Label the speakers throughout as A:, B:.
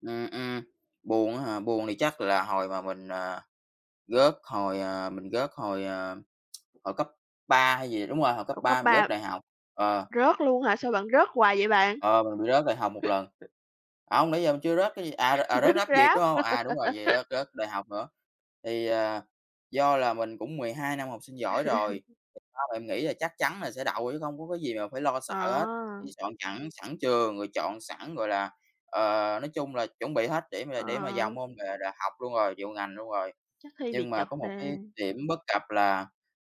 A: Ừm, ừm, buồn á hả? Buồn thì chắc là hồi mà mình, ờ, rớt hồi à, mình rớt hồi, à, hồi cấp 3 hay gì đúng rồi, hồi cấp
B: Ủa cấp
A: 3 mình rớt
B: 3
A: đại học, ờ.
B: rớt luôn hả? Sao bạn rớt hoài vậy bạn?
A: Ờ, mình bị rớt đại học 1 lần. Hông, nãy giờ mình chưa rớt cái gì à, r ờ,
B: Rớt
A: rớt Rap Việt,
B: Rap.
A: đúng hông? À, đúng rồi, vậy rớt rớt đại học nữa. Thì, ờ, do là mình cũng 12 năm học sinh giỏi rồi, thì ba mẹ mình nghĩ là chắc chắn là sẽ đậu chứ không có cái gì mà phải lo sợ hết.
B: À!
A: Chỉ soạn chẵn sẵn trường rồi chọn sẵn, gọi là, ờ, nói chung là chuẩn bị hết để mà để mà
B: À.
A: vào môn nghệ đại học luôn rồi, chọn ngành luôn rồi.
B: Chắc thi bị
A: Nhưng mà
B: trật
A: có một
B: đề.
A: cái điểm bất cập là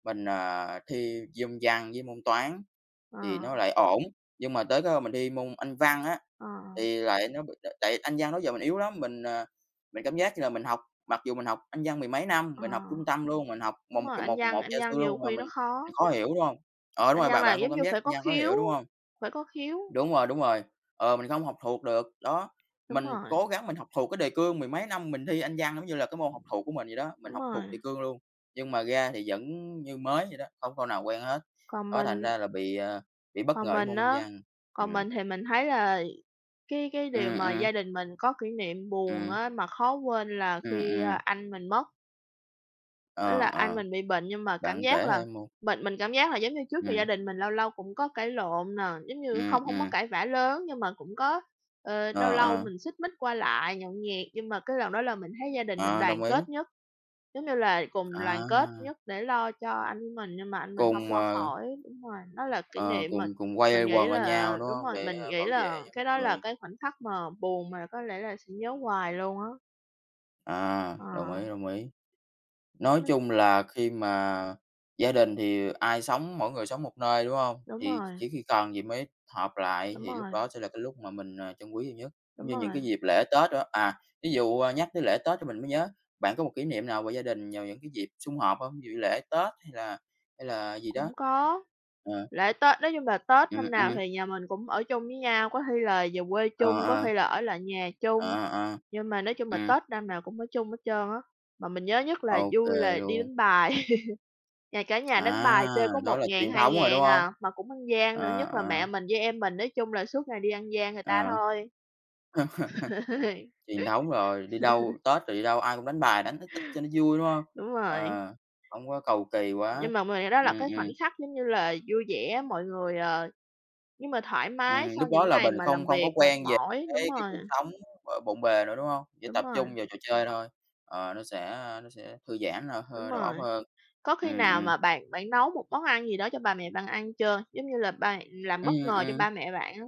A: mình, ờ, thi môn Văn với môn Toán thì
B: Ờ.
A: nó lại ổn. Nhưng mà tới cái hôm mình đi môn Anh văn á,
B: Ờ, ờ.
A: thì lại nó bị t tại Anh văn đó giờ mình yếu lắm, mình, ờ, mình cảm giác như là mình học, mặc dù mình học Anh văn mười mấy năm,
B: Ờ,
A: mình học trung tâm luôn, mình học một
B: đúng
A: một
B: rồi,
A: kèm
B: Anh
A: một
B: văn
A: một
B: Anh
A: gia
B: văn
A: sư luôn
B: nhiều
A: mà
B: khi
A: mình
B: nó khó.
A: bị khó hiểu, đúng hông? Ờ, đúng
B: Anh
A: rồi,
B: văn
A: bạn
B: là
A: bạn cũng
B: giống
A: cảm
B: như
A: giác Anh
B: phải có
A: văn khó
B: khiếu,
A: hiểu, đúng hông?
B: phải có khiếu.
A: Đúng rồi, đúng rồi. Ờ, mình không học thuộc được, đó.
B: Đúng
A: Mình
B: rồi!
A: cố gắng mình học thuộc cái đề cương mười mấy năm mình thi Anh văn giống như là cái môn học thuộc của mình vậy đó, mình
B: Đúng
A: học thuộc
B: rồi.
A: đề cương luôn, nhưng mà ra thì vẫn như mới vậy đó, hông câu nào quen hết.
B: Còn
A: Đó, thành
B: mình
A: ra là bị, ờ, bị bất
B: Còn
A: ngờ với
B: mình
A: môn Anh
B: á,
A: văn.
B: còn
A: Ừm.
B: mình thì mình thấy là cái cái điều
A: Ừm,
B: mà
A: ừm.
B: gia đình mình có kỷ niệm buồn
A: Ừm.
B: á, mà khó quên là
A: Ừm,
B: khi, a,
A: ừm.
B: anh mình mất. Tức là
A: Ờ,
B: anh
A: ờ,
B: mình bị bệnh, nhưng mà cảm
A: bạn
B: giác
A: kể
B: là
A: 2 môn.
B: bệnh mình cảm giác là giống như trước giờ gia
A: Ừm.
B: đình mình lâu lâu cũng có cãi lộn nè. Giống như
A: Ừm,
B: không hông có
A: ừm.
B: cãi vã lớn nhưng mà cũng có, ờ, lâu
A: Ờ,
B: lâu
A: ờ.
B: mình xích mích qua lại, nhậu nhẹt, nhưng mà cái lần đó là mình thấy gia đình mình
A: Ờ,
B: đoàn
A: đồng ý!
B: kết nhất. Giống như là cùng đoàn kết
A: À!
B: nhất để lo cho anh của mình, nhưng mà anh mình hông
A: Cùng,
B: qua
A: ờ
B: khỏi. Đúng rồi, nó là kỷ
A: Ờ,
B: niệm
A: cùng
B: mà
A: cùng quây
B: mình nghĩ
A: quần bên
B: là
A: nhau, đúng
B: đúng
A: hông?
B: rồi, mình
A: Để
B: nghĩ
A: bảo
B: là
A: vệ cho
B: cái
A: một
B: đó là
A: người.
B: cái khoảnh khắc mà buồn mà có lẽ là sẽ nhớ hoài luôn á.
A: À, đồng ý,
B: À.
A: đồng ý. Nói
B: Ưm.
A: chung là khi mà gia đình thì ai sống mỗi người sống một nơi, đúng hông?
B: Đúng
A: Thì ch
B: rồi.
A: chỉ khi cần gì mới họp lại
B: Đúng
A: thì lúc
B: rồi.
A: đó sẽ là cái lúc mà mình, à, trân quý nhiều nhất, giống
B: Đúng
A: như những
B: rồi.
A: cái dịp lễ Tết đồ á. À, ví dụ, à, nhắc tới lễ Tết thì mình mới nhớ, bạn có một kỷ niệm nào về gia đình vào những cái dịp sum họp hông? Ví dụ như lễ Tết hay là hay là gì
B: Cũng
A: đó?
B: có.
A: Ờ.
B: Lễ Tết nói chung là Tết
A: Ừm,
B: năm nào
A: ừm.
B: thì nhà mình cũng ở chung với nhau, có khi là về quê
A: Ờ,
B: chung, có
A: ờ.
B: khi là ở lại nhà chung.
A: Ờ, ờ.
B: Nhưng mà nói chung là
A: Ừm.
B: Tết năm nào cũng ở chung hết trơn á, mà mình nhớ nhất là
A: OK
B: vui là đi
A: luôn.
B: đánh bài. Nhà cả nhà đánh bài chơi
A: À!
B: có
A: Đó
B: một
A: là
B: ngàn
A: truyền
B: hai
A: thống rồi, đúng
B: ngàn
A: hông?
B: à, mà cũng ăn gian nữa,
A: À,
B: nhất là
A: à.
B: mẹ mình với em mình, nói chung là suốt ngày đi ăn gian người ta
A: À.
B: thôi.
A: Truyền thống rồi, đi đâu Tết rồi đi đâu ai cũng đánh bài, đánh ít ít cho nó vui, đúng hông?
B: Đúng rồi.
A: Ờ, hổng có cầu kỳ quá.
B: Nhưng mà mình nghĩ đó là
A: Ừm,
B: cái khoảnh
A: ừm.
B: khắc giống như là vui vẻ, mọi người, ờ nhưng mà thoải mái
A: Ừm,
B: sau
A: lúc đó
B: những
A: là
B: ngày
A: mình
B: mà
A: không
B: làm
A: không
B: việc
A: có
B: mệt
A: quen về
B: mỏi, đúng
A: cái cái
B: rồi.
A: cuộc sống, ờ, bộn bề nữa, đúng hông? Chỉ
B: Đúng
A: tập
B: rồi.
A: trung vào trò chơi thôi. Ờ, nó sẽ, ơ, nó sẽ thư giãn là
B: Đúng
A: hơ đầu óc
B: rồi.
A: hơn.
B: Có khi
A: Ừm,
B: nào
A: ừm.
B: mà bạn bạn nấu một món ăn gì đó cho ba mẹ bạn ăn chưa? Giống như là ba làm bất
A: Ừm,
B: ngờ cho
A: ừm.
B: ba mẹ bạn á?